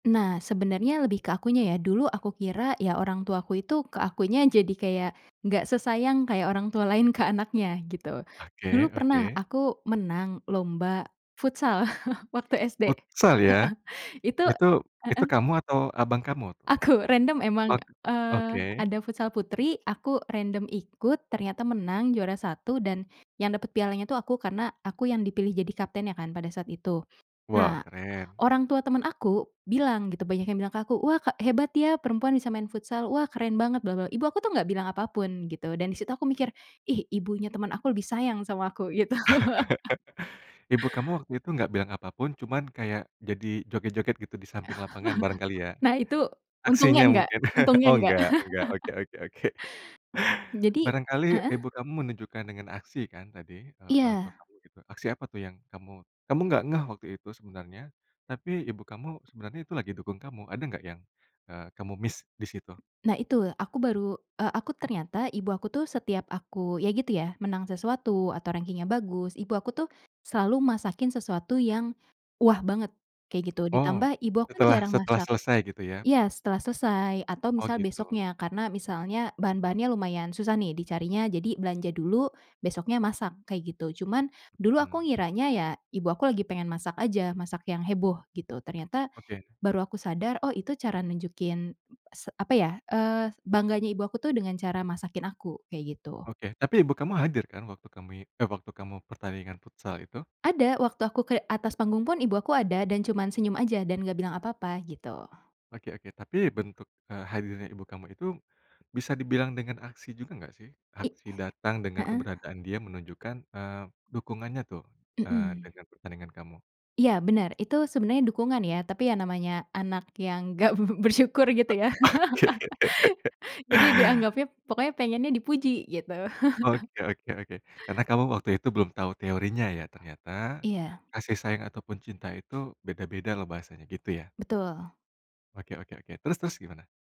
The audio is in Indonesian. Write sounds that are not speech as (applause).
Nah, sebenarnya lebih ke akunya ya, dulu aku kira ya orang tuaku itu ke akunya jadi kayak, nggak sesayang kayak orang tua lain ke anaknya gitu. Dulu Oke pernah oke. aku menang lomba futsal (chuckles) waktu SD, heeh, Futsal ya. itu Itu itu heeh. kamu atau abang kamu tuh? Aku, random emang, Ok eee, oke. ada futsal putri, aku random ikut, ternyata menang juara 1 dan yang dapet pialanya tuh aku, karena aku yang dipilih jadi kaptennya kan pada saat itu. Wow, Nah, keren. orang tua temen aku bilang, gitu, banyak yang bilang ke aku, "Wah ka hebat ya, perempuan bisa main futsal. Wah, keren banget bla bla." Ibu aku tuh gak bilang apa pun gitu dan disitu aku mikir, "Ih, ibunya temen aku lebih sayang sama aku," gitu. (chuckles) Ibu kamu waktu itu gak bilang apa pun cuman kayak, jadi joget-joget gitu, di samping lapangan barangkali (chuckles) ya. Nah itu, untungnya Aksinya enggak mungkin, (chuckles) untungnya oh, enggak. enggak enggak, oke (laughs) oke oke. Jadi Barangkali heeh? ibu kamu menunjukkan dengan aksi kan tadi, eee, orang tua Iya. kamu, gitu, aksi apa tuh yang kamu kamu gak ngeh waktu itu sebenarnya, tapi ibu kamu sebenarnya itu lagi dukung kamu, ada enggak yang, eee, kamu miss disitu? Nah itu, aku baru eee, aku ternyata, ibu aku tuh setiap aku ya gitu ya, menang sesuatu atau rangkingnya bagus, ibu aku tuh, selalu masakin sesuatu yang, wah banget, kayak gitu, Oh, ditambah ibu aku kan setelah jarang setelah masak selesai gitu ya? Iya, setelah selesai atau Oh, misal gitu. besoknya karena misalnya bahan-bahannya lumayan susah nih dicarinya jadi belanja dulu, besoknya masak, kayak gitu, cuman dulu aku Mhm. ngiranya ya ibu aku lagi pengen masak aja masak yang heboh gitu, ternyata, Oke. baru aku sadar, oh, itu cara nunjukin, s apa ya, eee, bangganya ibu aku tuh dengan cara masakin aku, kayak gitu. Oke, tapi ibu kamu hadir kan waktu kamu i eh, waktu kamu pertandingan futsal itu? Ada, waktu aku ke atas panggung pun ibu aku ada dan cuman senyum aja dan gak bilang apa-apa, gitu. Oke oke tapi bentuk, eee, hadirnya ibu kamu itu, bisa dibilang dengan aksi juga gak sih? I Aksi datang dengan heeh. keberadaan dia menunjukkan, eee, dukungannya tuh, eee, Mhm. dengan pertandingan kamu. Iya, bener, itu sebenarnya dukungan ya tapi yang namanya anak yang gak b b bersyukur gitu Ak ya, oke. (laughs) jadi dianggapnya pokoknya pengennya dipuji gitu. (chuckles) Oke oke oke, karena kamu waktu itu belum tahu teorinya ya, ternyata Iya. kasih sayang ataupun cinta itu beda-beda loh bahasanya, gitu ya. Betul. Oke oke oke, terus terus gimana?